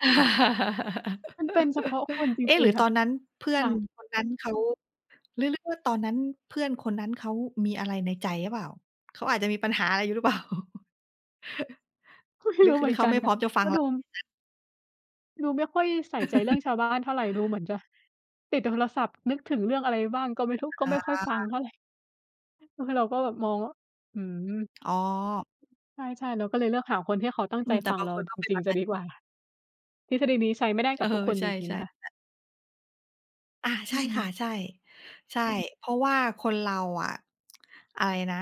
มันเป็นเฉพาะคนจเอ๊ะ รหิรง ือๆ คต่ะ อนนั้นเพื่อคน่ะ คนนั้นเขา หรือ หรือว่าตอนนั้น เพื่อนคนนั้นเขามีอะไรในใจหรือเปล่า? เขาอาจจะมีปัญหาอะไรอยู่หรือเปล่า? ก็ ไมหร่ืรอู้ คือ เหหรมืืออนเขกาันไม่พคร่้ะ อมจะฟักง็เรดา ู [unintelligible] ดูไม่ค่อยใส่ใจเรื่องชาวบ้านเท่าไร ดูเหมือนจะติดโทรศัพท์ นึกถึงเรื่องอะไรบ้างก็ไม่รู้ ก็ไอม่ค่อยฟังา เท่าไร เออ เราก็แบบมองว่า หือ อ๋อ ใช่ ๆ เราก็เลยเลือกหาคนที่เขาตั้งอืใจม แตฟ่ับงาเงราคนกจ็เป็นแริบง บๆ จนะั้นดี จรกว่า ิง ๆ ทฤษฎีนี้ใช้ไม่ได้เกอัอ บทุกคนใชจ่ ริง ๆ นะคะ ๆ แบบ อา ใอชื่ค่ะ ม ใช่ ใช่ เพราะว่าคนเราอะ อะไรนะ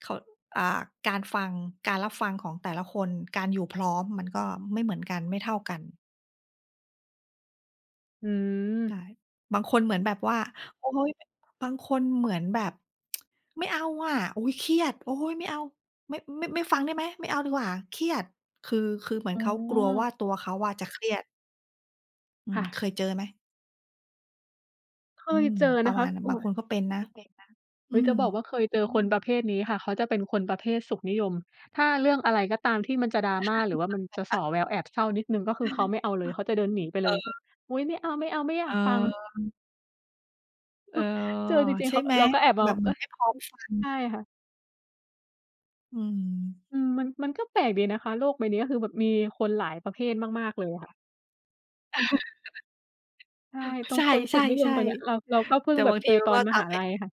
เขา อ่า การฟัง การรับฟังของแต่ละคน การอยู่พร้อมมันก็ไม่เหมือนกัน ไม่เท่ากัน อืใชม ่ บางคนเหมือนแบบว่า โอ๊ย บางคนเหมือนแบบ "ไม่เอาอะ โอ๊ย เครียด โอ๊ย ไม่เอา ไม่ ไม่ ไม่ฟังได้ไหม? ไม่เอาดีกว่า เครียด" คือ คือเหมือนอเ๋ขากลัววอ ่า ตัวเขาอะจะเครียด อืคม ่ะ เคยเจอไหม? เคอืยม เจอปรนะะคมาะ ณนั้น อบุา๊งย คนก็เป็นนะ โอเคนะ ออุื๊ย จม ะบอกว่าเคยเจอคนประเภทนี้ค่ะ เขาจะเป็นคนประเภทสุขนิยม ถ้าเรื่องอะไรก็ตามที่มันจะ drama หรือว่ามันจะส่อแววแอบเศร้านิดหนึ่ง ก็คือเขาไม่เอาเลย เขาจะเดินหนีไปเลยแบบ เออ "อุ๊ย ไม่เอา ๆ ไม่อยเากฟัง" ออ เออ เจอจริง ใชๆ เ่ขากไ็ หม? เราก็แอบมแบอง บเหมเืออ๊นย ไม่พร้อมฟังใช่อะ ค่ะ อืม อืม มัน มันก็แปลกดีนะคะ โลกใบเนี้ย คือแบบมีคนหลายประเภทมาก ๆ เลยค่ะ ใช่ ตรใงคนสุขนิยชม่ ตัวเนี้ย เรา เราก็ๆ เพๆ ิแ่ต่งแบบาบงทเจีอมันตอก็นมทหาำให้ ลัยค่ะ